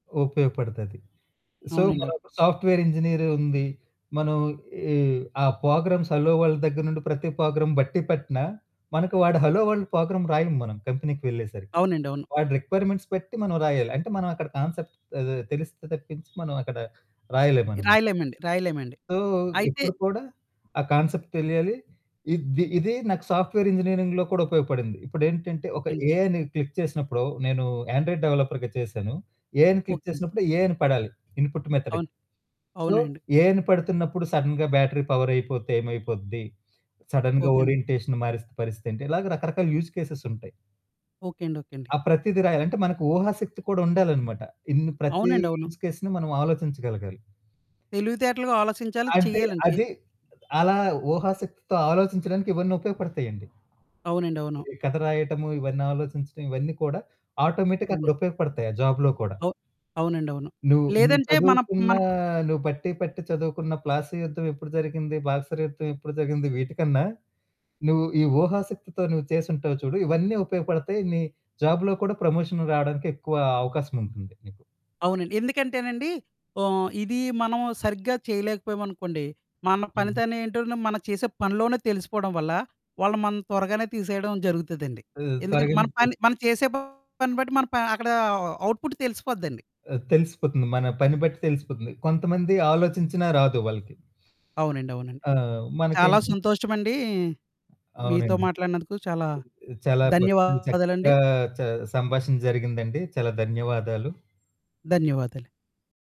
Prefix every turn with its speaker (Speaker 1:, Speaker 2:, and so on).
Speaker 1: ఉపయోగపడుతాది. సో,
Speaker 2: అవునండి.
Speaker 1: మనం ఇప్పుడు సాఫ్ట్‌వేర్ ఇంజినీరు ఉంది, మనం ఈ ఆ ప్రోగ్రామ్స్ హలో వరల్డ్ దగ్గర నుండి, ప్రతి ప్రోగ్రామ్ బట్టి పట్టిన, మనకు వాడు హలో వరల్డ్ ప్రోగ్రామ్ రాయము మనం కంపెనీకి వెళ్ళేసరికి.
Speaker 2: అవునండి. అవును.
Speaker 1: వాడి రిక్వైర్‌మెంట్స్ బట్టి మనం రాయాలి. అంటే మనం అక్కడ కాన్సెప్ట్ ఆహ్, తెలిస్తే తప్పించి మనం అక్కడ రాయలేం మన మ
Speaker 2: రాయలేమండి, రాయలేమండి.
Speaker 1: సో,
Speaker 2: అయితే
Speaker 1: ఇప్పుడు కూడా ఆ కాన్సెప్ట్ తెలియాలి. ఇద్ది ఇదీ నాకు సాఫ్ట్‌వేర్ ఇంజినీరింగ్‌లో కూడా ఉపయోగపడింది. ఇప్పుడేంటంటే,
Speaker 2: ఓకే
Speaker 1: ఒక
Speaker 2: అండి.
Speaker 1: ఏఐని క్లిక్ చేసినప్పుడు నేను ఆండ్రాయిడ్ డెవలపర్‌గా చేశాను. ఏ అని క్లిక్
Speaker 2: ఓకే.
Speaker 1: చేసినప్పుడు, ఏ అని పడాలి ఇన్‌పుట్ మెథడ్.
Speaker 2: అవును.
Speaker 1: సో,
Speaker 2: అవునండి.
Speaker 1: ఏ అని పడుతున్నప్పుడు సడెన్‌గా బ్యాటరీ పవర్ అయిపోతే ఏమైపోద్ది, సడెన్‌గా
Speaker 2: ఓకే అండి.
Speaker 1: ఓరియంటేషన్ మారిస్తే పరిస్థితి ఏంటి? ఇలాగ రకరకాల యూజ్ కేసెసుంటాయి.
Speaker 2: ఓకే అండి. ఓకే అండి.
Speaker 1: ఆ! ప్రతీది రాయాలి. అంటే మనకు ఊహాశక్తి కూడా ఉండాలన్నమాట. ఇన్ని ప్రతి
Speaker 2: అవునండి. అవును.
Speaker 1: యూజ్ కేస్‌ని మనం ఆలోచించగలగాలి.
Speaker 2: తెలివితేటలుగా ఆలోచించాలి,
Speaker 1: అది
Speaker 2: చెయ్యాలండి ఎ
Speaker 1: అది అలా ఊహాశక్తితో ఆలోచించడానికి ఇవన్నీ ఉపయోగపడతాయండి.
Speaker 2: అవునండి. అవును.
Speaker 1: ఈ కథ రాయటము, ఇవన్నీ ఆలోచించడం ఇవన్నీ కూడా ఆటోమేటిక్‌గా అక్కడ
Speaker 2: అవునా!
Speaker 1: ఉపయోగపడతాయి. ఆ జాబ్‌లో కూడా.
Speaker 2: ఓహ్! అవునండవును.
Speaker 1: నువ్వు నువ్వు
Speaker 2: లేదంటే మన
Speaker 1: చదువుకున్న
Speaker 2: మన ప్
Speaker 1: నువ్వు బట్టి పట్టి చదువుకున్న 'ప్లాసీ' యుద్ధం ఎప్పుడు జరిగింది, 'బక్సర్' యుద్ధం ఎప్పుడు జరిగింది వీటికన్నా, నువ్వు ఈ ఊహాశక్తితో నువ్వు చేసుంటావు చూడు ఇవన్నీ ఉపయోగపడతాయి, నీ జాబ్‌లో కూడా ప్రమోషన్ రావడానికి ఎక్కువ అవకాశముంటుంది నీకు.
Speaker 2: అవునండి. ఎందుకంటేనండి ఓహ్, ఇది మనం సరిగ్గా చేయలేకపోయామనుకోండి, మన
Speaker 1: హ్మ్.
Speaker 2: పనితనం ఎంటో మనం చేసే పనిలోనే తెలిసిపోవడం వల్ల, వాళ్ళు మనని త్వరగానే తీసేయడం జరుగుతదండి.
Speaker 1: హ్మ్,
Speaker 2: ఎందుకంటే
Speaker 1: త్వరగా
Speaker 2: మన
Speaker 1: ఎళ్లి
Speaker 2: పని
Speaker 1: తిస్
Speaker 2: మనం చేసే పని బట్టి మనం ప అక్కడ అవుట్ పుట్ తెలిసిపోద్దండి.
Speaker 1: ఆ! తెలిసిపోతుంది మన పని బట్టి తెలిసిపోతుంది. కొంతమంది ఆలోచించినా రాదు వాళ్ళకి.
Speaker 2: అవునండి. అవునండి.
Speaker 1: ఆ!
Speaker 2: చాలా
Speaker 1: మనకేంటంటే
Speaker 2: సంతోషమండి, మీతో
Speaker 1: అవునండి.
Speaker 2: మాట్లాడినందుకు చాలా
Speaker 1: ఆహ్, చాలా బ
Speaker 2: ధన్యవాదాలండి.
Speaker 1: చక్కగా చ సంభాషణ జరిగిందండి. చాలా ధన్యవాదాలు.
Speaker 2: ధన్యవాదాలు.